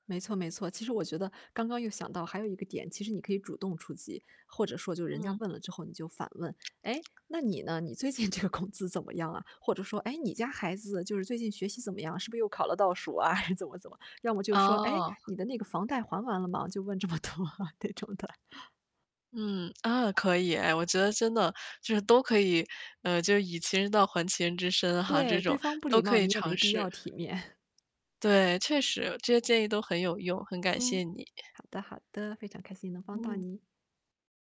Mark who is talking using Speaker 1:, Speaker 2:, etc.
Speaker 1: 没错没错，其实我觉得刚刚又想到，还有一个点，其实你可以主动出击，或者说就人家
Speaker 2: 嗯。
Speaker 1: 问了之后你就反问：“哎，那你呢？你最近这个工资怎么样啊？”或者说：“哎，你家孩子，就是最近学习怎么样？是不是又考了倒数啊？”怎么怎么，要么就说：“哎，
Speaker 2: 哦。
Speaker 1: 你的那个房贷还完了吗？”就问这么多，这种的。
Speaker 2: 嗯，啊，可以，哎，我觉得真的，就是都可以呃，就是“以其人道还其人之身”哈，这
Speaker 1: 对，对
Speaker 2: 种，
Speaker 1: 方不礼
Speaker 2: 都可
Speaker 1: 貌
Speaker 2: 以
Speaker 1: 你也没
Speaker 2: 尝
Speaker 1: 必
Speaker 2: 试。
Speaker 1: 要体面。
Speaker 2: 对，确实，这些建议都很有用，很感谢
Speaker 1: 嗯，
Speaker 2: 你。
Speaker 1: 好的好的，非常开心能帮到
Speaker 2: 嗯。
Speaker 1: 你。